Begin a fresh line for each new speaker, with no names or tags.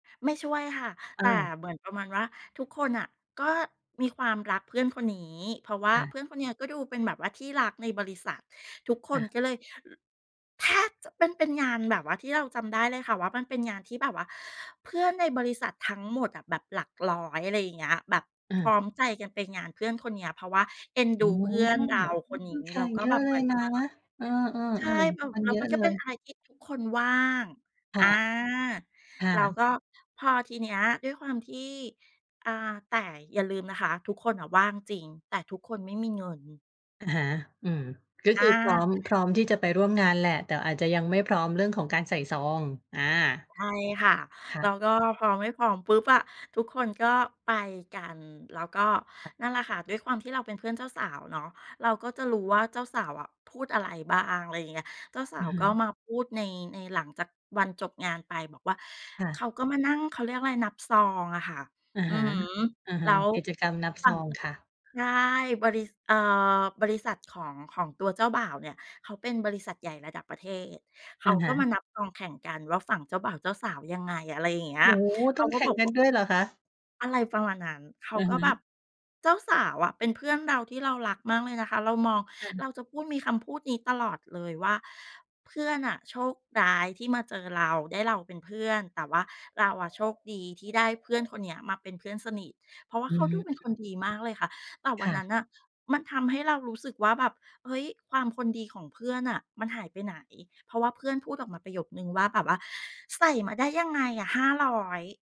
ไม่ช่วยค่ะ แ
อ้
ต่
าว
เหมือนประมาณว่า ทุกคนน่ะก็มีความรักเพื่อนคนนี้ เพราะว่า
ค่
เ
ะ
พื่อนคนเนี้ยก็ดูเป็นแบบว่าที่รักในบริษัท ทุกค
ค
น
่ะ
ก็เลย แทบจะเป็น เป็นงานแบบว่า ที่เราจำได้เลยค่ะว่า มันเป็นงานที่แบบว่า เพื่อนในบริษัททั้งหมดอะแบบหลักร้อย อะไรอย่างเงี้ย แบบพร
เออ
้อมใจกันไปงานเพื่อนคนเนี้ย เพราะว่าเอ็น
โอ
ดู
้
เพื่อ
โ
น
ฮ!
เรา
อ
ค
ื้
น
อฮ
นี
ื
้
อ แข
แล้ว
ก
ก็
เยอ
แบ
ะ
บ
เ
เ
ล
หมื
ย
อนกั
น
บ
ะ
ว่า
เออ
ใช่
ๆ
แล้ว
ๆ มัน
แล้
เ
ว
ยอ
มั
ะ
นก
เ
็
ล
เป็
ย
นอะไรที่ทุกคนว่าง
ค
อ
่
า
ะ ค่
แล้ว
ะ
ก็ พอทีเนี้ยด้วยความที่ อา แต่อย่าลืมนะคะ ทุกคนน่ะว่างจริง แต่ทุกคนไม่มีเงิน
อะฮะ อืม ก็
อ
คื
า
อพร้อม พร้อมที่จะไปร่วมงานแหละ แต่อาจจะยังไม่พร้อมเรื่องของการใส่ซอง อา
ใช่ค่ะ
ค่
แล้
ะ
วก็พอไม่พร้อมปุ๊บอะ ทุกคนก็ไปกัน แล้วก็
ค่ะ
นั่นแหละค่ะ ด้วยความที่เราเป็นเพื่อนเจ้าสาวเนาะ เราก็จะรู้ว่า เจ้าสาวอะพูดอะไรบ้าง? อะไรอย่างเงี้ย เจ้าสา
อ
ว
ะฮ
ก็
ะ
มาพูดใน ในหลังจากวันจบงานไปบอกว่า
ค่
เข
ะ
าก็มานั่ง เขาเรียกอะไร นับซองอะค่ะ
อะ
อื
ฮ
อ
ะ
ฮึ
อะฮ
แล
ะ
้ว
กิจกรรมนับ
ฝ
ซ
ั่ง
องค่ะ
ใช่ บริ ษ เอ่อ บริษัทของ ของตัวเจ้าบ่าวเนี่ย เขาเป็นบริษัทใหญ่ระดับประเทศ เข
อ
า
ะฮ
ก็
ะ
มานับซองแข่งกันว่า ฝั่งเจ้าบ่าวเจ้าสาวยังไง? อะไรอย่างเงี้
โ
ย
อ้โฮ!
เข
ต้
า
อง
ก
แ
็
ข่
บ
ง
อก
กั
ว
น ด้วยเหรอคะ?
อะไรประมาณนั้น เข
อ
า
ือ
ก็
ฮ
แบ
ึ
บ เจ้าสาวอะเป็นเพื่อนเราที่เรารักมากเลยนะคะ เรามอง
ค่
เ
ะ
ราจะพูด มีคำพูดนี้ตลอดเลยว่า "เพื่อนน่ะโชคร้ายที่มาเจอเรา ได้เราเป็นเพื่อน แต่ว่าเราอะโชคดีที่ได้เพื่อนคนเนี้ยมาเป็นเพื่อนสนิท" เพราะว่า
อื
เขาดูเป็นค
ม
นดีมากเลยค่ะ แต่ว
ค
ัน
่
นั
ะ
้นน่ะ มันทำให้เรารู้สึกว่าแบบ เฮ้ย ความคนดีของเพื่อนน่ะ มันหายไปไหน? เพราะว่าเพื่อนพูดออกมาประโยคหนึ่งว่า แบบว่า "ใส่มาได้ยังไงอะ 500?"